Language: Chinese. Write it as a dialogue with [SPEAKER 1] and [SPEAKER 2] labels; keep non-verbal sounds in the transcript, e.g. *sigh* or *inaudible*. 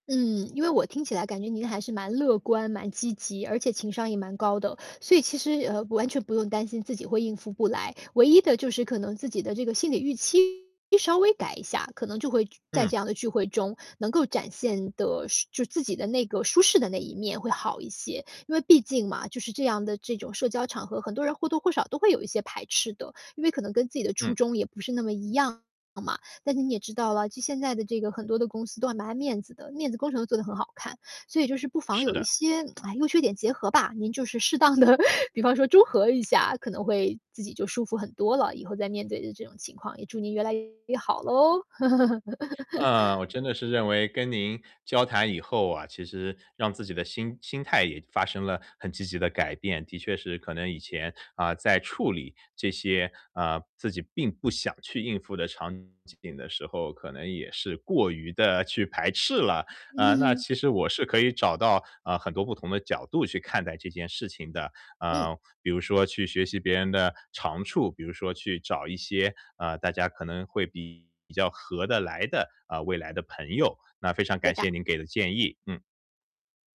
[SPEAKER 1] 嗯，因为我听起来感觉您还是蛮乐观、蛮积极，而且情商也蛮高的，所以其实，呃，完全不用担心自己会应付不来。唯一的就是可能自己的这个心里预期，稍微改一下，可能就会聚在
[SPEAKER 2] 嗯。
[SPEAKER 1] 这样的聚会中能够展现得是就自己的那个舒适的那一面会好一些。因为毕竟嘛，就是这样的这种社交场合。很多人或多或少都会有一些排斥的，因为可能跟自己的初
[SPEAKER 2] 嗯。
[SPEAKER 1] 衷也不是那么一样嘛。但是你也知道啦，就现在的这个很多的公司都还蛮爱面子的，面子工程都做得很好看，所以就是不妨
[SPEAKER 2] 是
[SPEAKER 1] 有一
[SPEAKER 2] 的。
[SPEAKER 1] 些 *smacks lips* 唉，优缺点结合吧，您就是适当的比方说综合一下，可能会自己就舒服很多了，以后再面对的这种情况，也祝您越来越好咯。
[SPEAKER 2] 啊，
[SPEAKER 1] *laughs*
[SPEAKER 2] 我真的是认为跟您交谈以后啊，其实让自己的心心态也发生了很积极的改变。的确是，可能以前，啊，在处理这些，啊，自己并不想去应付的场景的时候，可能也是过于地去排斥了。呃，那
[SPEAKER 1] 嗯。
[SPEAKER 2] 其实我是可以找到，呃，很多不同的角度去看待这件事情的，
[SPEAKER 1] 嗯。
[SPEAKER 2] 呃，比如说去学习别人的长处，比如说去找一些，呃，大家可能会比比较合得来的，啊，未来的朋友。那非常
[SPEAKER 1] 对
[SPEAKER 2] 感
[SPEAKER 1] 的。
[SPEAKER 2] 谢您给的建议，嗯。